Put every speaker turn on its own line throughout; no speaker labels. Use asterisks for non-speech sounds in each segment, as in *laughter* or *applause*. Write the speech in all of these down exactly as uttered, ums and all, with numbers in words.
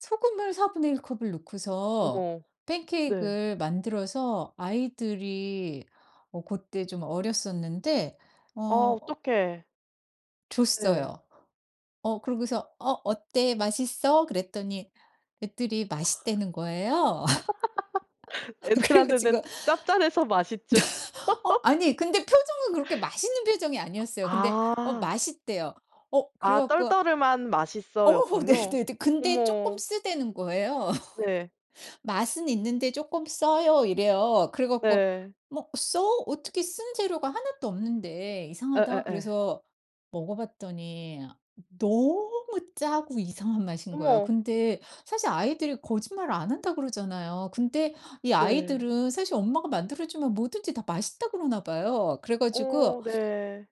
소금을 사분의 일 컵을 넣고서
어머
팬케익
네.
을 만들어서 아이들이 어 그때 좀 어렸었는데
아
어
어떡해. 네.
줬어요. 어 그러고서 어 "어때 맛있어?" 그랬더니 애들이 맛있다는 거예요.
*laughs*
*laughs* 그래 가지고
애들한테는 짭짤해서 맛있죠.
*laughs* 어
*laughs*
아니 근데 표정은 그렇게 맛있는 표정이 아니었어요. 근데 어
아.
맛있대요. 어 그래
아
갖고
떨떠름한
어
"맛있어."였군요.
네네 근데 쪼끔
어머.
쓰다는 거예요.
네.
"맛은 있는데 쪼끔 써요." 이래요. 그래 갖고
네.
"뭐 써? 어떻게 쓴 재료가 하나도 없는데 이상하다."
예예예.
그래서 먹어봤더니 너무 짜고 이상한 맛인 거예요.
어머.
근데 사실 아이들이 거짓말을 안 한다 그러잖아요. 근데 이
네.
아이들은 사실 엄마가 만들어주면 뭐든지 다 맛있다 그러나 봐요. 그래 가지고 어어
어 네.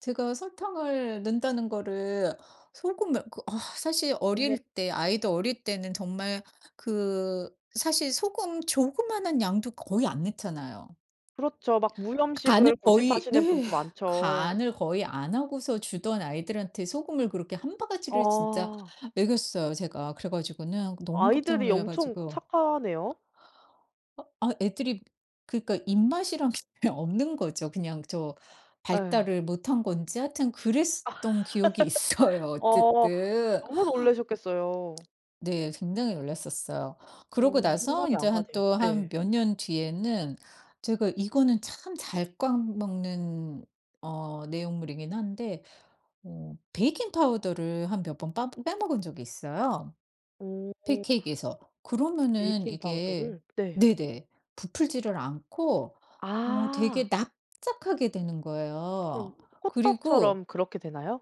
제가 설탕을 넣는다는 거를 소금을 그 어 사실
어머.
어릴 때 아이들 어릴 때는 정말 그 사실 소금 조그만한 양도 거의 안 넣잖아요.
그렇죠. 막
간을
무염식을
거의
고집하시는
네.
분도 많죠.
간을 거의 안 하고서 주던 아이들한테 소금을 그렇게 한 바가지를 진짜
어.
먹였어요, 제가. 그래 가지고는 너무 깜짝
아이들이
놀라
엄청
가지고
착하네요.
어 아 애들이 그러니까 입맛이란 게 그냥 없는 거죠. 그냥 저
에.
발달을 못한 건지 하여튼 그랬었던 기억이 있어요
*laughs* 어
어쨌든.
너무 놀라셨겠어요.
네 굉장히 놀랐었어요. 그러고
어
나서
상상이
이제
안
한
가네요.
또 한
네.
몇 년 뒤에는 제가 이거는 참 잘 까먹는 어 내용물이긴 한데 어 베이킹파우더를 한 몇 번 빠 빼먹은 적이 있어요.
오오.
팬케익 에서 그러면은 이게
베이킹파우더를 네.
네네 부풀지를 않고 어
아.
되게 납작하게 되는
그럼
거예요. 그리고
호떡처럼 그렇게 되나요?